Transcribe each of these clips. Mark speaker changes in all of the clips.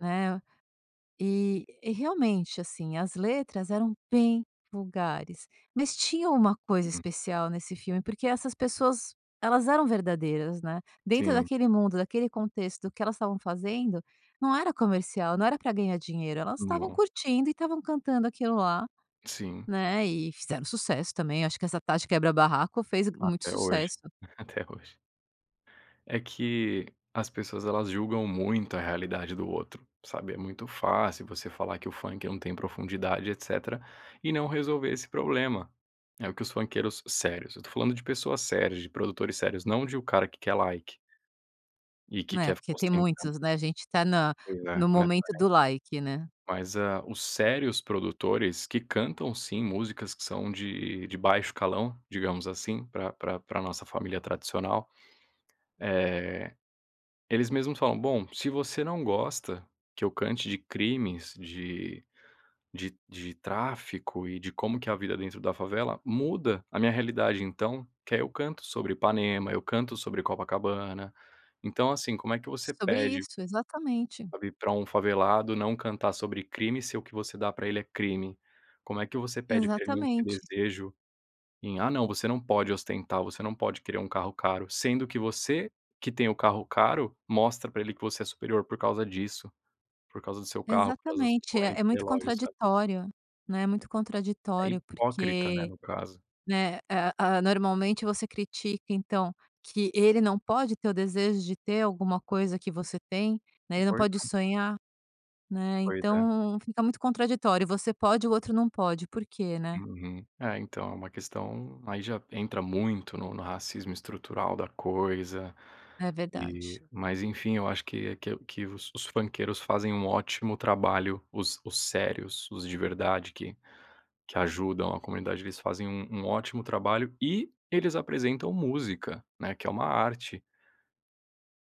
Speaker 1: Né? E e realmente, assim, as letras eram bem vulgares, mas tinha uma coisa
Speaker 2: Hum.
Speaker 1: especial nesse filme porque essas pessoas, elas eram verdadeiras, né? Dentro
Speaker 2: Sim.
Speaker 1: daquele mundo, daquele contexto, o que elas estavam fazendo não era comercial, não era pra ganhar dinheiro. Elas estavam
Speaker 2: No
Speaker 1: curtindo e estavam cantando aquilo lá,
Speaker 2: Sim.
Speaker 1: né, e fizeram sucesso também. Acho que essa Tati Quebra Barraco fez muito
Speaker 2: Até hoje,
Speaker 1: sucesso.
Speaker 2: até hoje. É que as pessoas elas julgam muito a realidade do outro, sabe? É muito fácil você falar que o funk não tem profundidade e etecétera, e não resolver esse problema. É o que os funkeiros sérios eu tô falando de pessoas sérias, de produtores sérios, não de o cara que quer like e que
Speaker 1: Né?
Speaker 2: quer ficar
Speaker 1: Porque tem
Speaker 2: ostentando.
Speaker 1: muitos, né. A gente tá na
Speaker 2: Pois é.
Speaker 1: no
Speaker 2: Não é por ai
Speaker 1: momento do like, né.
Speaker 2: Mas a os sérios produtores que cantam, sim, músicas que são de de baixo calão, digamos assim, pra pra pra nossa família tradicional, eh, eles mesmos falam: "Bom, se você não gosta que eu cante de crimes, de de de tráfico e de como que é a vida dentro da favela, muda a minha realidade então, que aí eu canto sobre Ipanema, eu canto sobre Copacabana". Então assim, como é que
Speaker 1: É
Speaker 2: você
Speaker 1: sobre
Speaker 2: pede
Speaker 1: isso, exatamente.
Speaker 2: pra vir pra um favelado não cantar sobre crime se o que você dá pra ele é crime? Como é que você pede pra ele não ter
Speaker 1: Exatamente.
Speaker 2: desejo em "Ah não, você não pode ostentar, você não pode querer um carro caro". Sendo que você que tem o carro caro, mostra pra ele que você é superior por causa disso, por causa do seu carro, por causa da sua
Speaker 1: Exatamente. É
Speaker 2: corrente,
Speaker 1: é muito
Speaker 2: relógio, sabe?
Speaker 1: contraditório, né? Muito
Speaker 2: É
Speaker 1: contraditório
Speaker 2: hipócrita, né,
Speaker 1: porque,
Speaker 2: no caso.
Speaker 1: né, eh, ah, normalmente você critica, então, que ele não pode ter o desejo de ter alguma coisa que você tem, né? Ele não
Speaker 2: Pois
Speaker 1: pode
Speaker 2: é.
Speaker 1: sonhar, né?
Speaker 2: Pois é.
Speaker 1: Então fica muito contraditório, você pode, o outro não pode, por quê, né?
Speaker 2: Uhum. É, então, é uma questão aí já entra muito no no racismo estrutural da coisa
Speaker 1: É verdade.
Speaker 2: e mas enfim. Eu acho que é o que que os os funkeiros fazem um ótimo trabalho, os os sérios, os de verdade que que ajudam a comunidade, eles fazem um um ótimo trabalho e eles apresentam música, né, que é uma arte.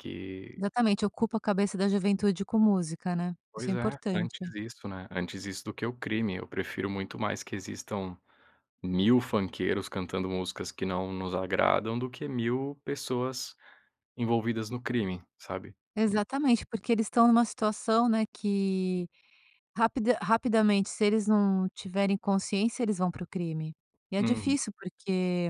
Speaker 2: Que
Speaker 1: Exatamente. Ocupa a cabeça da juventude com música, né? Isso é
Speaker 2: Pois é,
Speaker 1: importante.
Speaker 2: antes isso, né? Antes isso do que o crime. Eu prefiro muito mais que existam 1.000 funkeiros cantando músicas que não nos agradam do que 1.000 pessoas envolvidas no crime, sabe? En
Speaker 1: Exatamente. Porque eles estão numa situação, né, que rapida rapidamente se eles não tiverem consciência, eles vão para o crime. E é
Speaker 2: Uhum.
Speaker 1: difícil porque